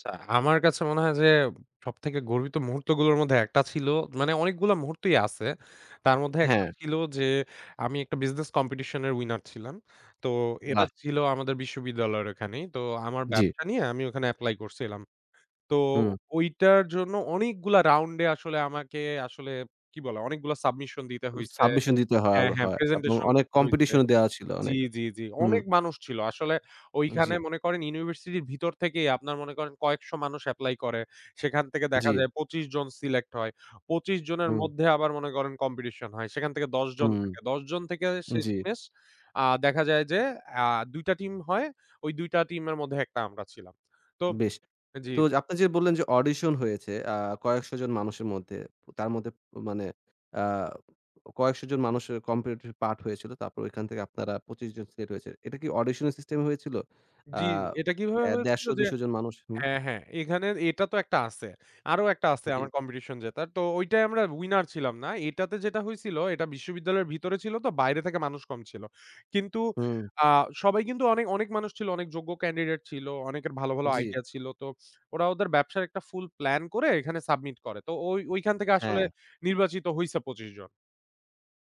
আচ্ছা, আমার কাছে মনে হয় যে সবথেকে গর্বিত মুহূর্তগুলোর মধ্যে একটা ছিল মানে অনেকগুলো মুহূর্তই আছে, তার মধ্যে একটা হ্যাঁ। ছিল যে আমি একটা বিজনেস কম্পিটিশনের উইনার ছিলাম। তো এটা বাহ! ছিল আমাদের বিশ্ববিদ্যালয়ের ওখানেই। তো আমার জি। ব্যবসা নিয়ে আমি ওখানে এপ্লাই করছিলাম তো হু। ওইটার জন্য অনেকগুলা রাউন্ডে আসলে আমাকে আসলে কি বলা অনেকগুলো সাবমিশন দিতে হইছে সাবমিশন দিতে হ হ্যাঁ, হ্যাঁ, হয় এবং প্রেজেন্টেশন অনেক করতে হইছে কম্পিটিশনও দেওয়া ছিল অনেক, জি, জি, জি, হু। অনেক মানুষ ছিল আসলে ওইখানে জি। মনে করেন ইউনিভার্সিটির ভিতর থেকেই আপনার মনে করেন কয়েকশো মানুষ এপ্লাই করে। সেখান থেকে দেখা জি। যায় ২৫ জন সিলেক্ট হয় ২৫ জনের হু। মধ্যে আবার মনে করেন কম্পিটিশন হয়। সেখান থেকে ১০ হু, জন থাকে ১০ জন থেকে জি। শেষমেষ আ দেখা যায় যে আ ২ টা টিম হয় ওই ২ টা টিমের মধ্যে একটা আমরা ছিলাম তো বেশ জি। তো যে আপনে যে বললেন যে অডিশন হয়েছে আ কয়েকশো জন মানুষের মধ্যে তার মধ্যে মানে আ কয়েকশো জন মানুষের কম্পিটিটিভ পার্ট হয়েছিল। তারপর ওইখান থেকে আপনারা ২৫ জন সিলেক্ট হয়েছেন। এটা কি অডিশনের সিস্টেম হয়েছিল? আ জি, এটা কিভাবে ১৫০ হয়েছিল যে ২০০ জন মানুষ, হু। হ্যাঁ, হ্যাঁ, এখানে এটা তো একটা আছে আরো একটা আছে আমার জি। কম্পিটিশন জেতার তো ওইটাই আমরা উইনার ছিলাম না। এটাতে যেটা হয়েছিল এটা বিশ্ববিদ্যালয়ের ভিতরে ছিল তো বাইরে থেকে মানুষ কম ছিল। কিন্তু হু। আ সবাই কিন্তু অনেক, অনেক মানুষ ছিল অনেক যোগ্য ক্যান্ডিডেট ছিল, অনেকের ভালো, ভালো জি। আইডিয়া ছিল তো ওরা ওদের ব্যবসার একটা ফুল প্লান করে এখানে সাবমিট করে। তো ওই ওইখান থেকে আসলে হ্যাঁ। নির্বাচিত হইছে ২৫ জন।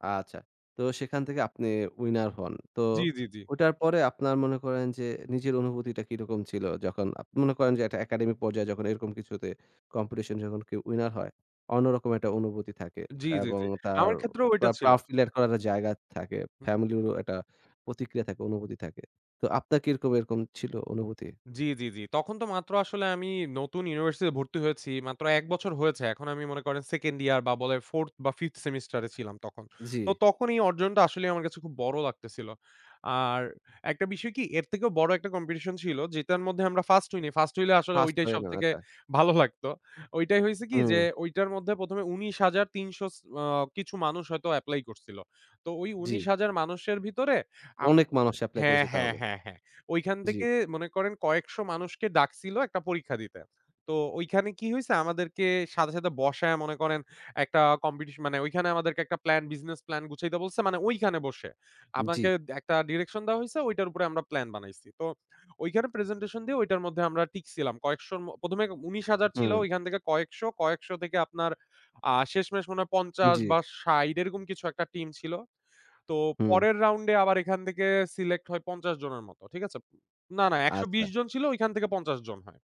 আচ্ছা, তো সেখান থেকে আপনি উইনার হন। তো জি, জি, জি। ওইটার পরে আপনার মনে করেন যে নিজের অনুভূতিটা কিরকম ছিল? যখন আপনি মনে করেন যে একটা একাডেমিক পর্যায়ে যখন এরকম কিছুতে কম্পিটিশন যখন কেউ উইনার হয় অন্যরকম একটা অনুভূতি থাকে জি, জি, এবং জি, তার আমার ক্ষেত্রেও ওইটা ছিল। প্রাউড ফিল করার তো জায়গার থাকে। হু। ফ্যামিলিরও একটা প্রতিক্রিয়া থাকে, অনুভূতি থাকে। তো আপনার কিরকম এরকম ছিল অনুভূতি? জি, জি, জি, তখন তো মাত্র আসলে আমি নতুন ইউনিভার্সিটিতে ভর্তি হয়েছি। মাত্র ১ বছর হয়েছে এখন আমি মনে করেন 2nd ইয়ার বা বলে 4th বা 5th সেমেস্টারে ছিলাম তখন। তো জি। তখন এই অর্জনটা আসলেই আমার কাছে খুব বড় লাগতেছিল। আর একটা বিষয় কি এর থেকেও বড় একটা কম্পিটিশন ছিল যেটার মধ্যে আমরা 1st হইনি, 1st হইলে আসলে ফাস্ট ওইটাই হয়ে যাবে সবথেকে তাই। ভালো লাগত। ওইটাই হইছে কি যে হু। ওইটার মধ্যে ১ম এ ১৯৩০০ স আ কিছু মানুষ হয়তো এপ্লাই করছিল। তো ওই জি। ১৯০০০ মানুষের ভিতরে আম অনেক মানুষ এপ্লাই হ্যাঁ, করেছে হ্যাঁ, তাহলে। হ্যাঁ, হ্যাঁ, ওইখান জি। থেকে মনে করেন কয়েকশো মানুষকে ডাকছিল একটা পরীক্ষা দিতে। তো ওইখানে কি হইছে আমাদেরকে সাথে, সাথে বসায় মনে করেন একটা কম্পিটিশন মানে ওইখানে আমাদেরকে একটা প্ল্যান বিজনেস প্ল্যান গুছাইতে বলছে মানে ওইখানে বসে আপনাকে জি। একটা ডিরেকশন দেওয়া হইছে ওইটার উপরে আমরা প্ল্যান বানাইছি। তো ওইখানে প্রেজেন্টেশন দিয়ে ওইটার মধ্যে আমরা টিকসিলাম কয়েকশো ১ম এ ১৯০০০ ছিল হু। ওইখান থেকে কয়েকশো, কয়েকশো থেকে আপনার আ শেষমেষ মনে হয় ৫০ জি। বা ৬০ এরকম কিছু একটা টিম ছিল। তো হু। পরের রাউন্ডে আবার এখান থেকে সিলেক্ট হয় ৫০ জনের মতো। ঠিক আছে? না, না, ১২০ আচ্ছা। জন ছিল ওইখান থেকে ৫০ জন হয়।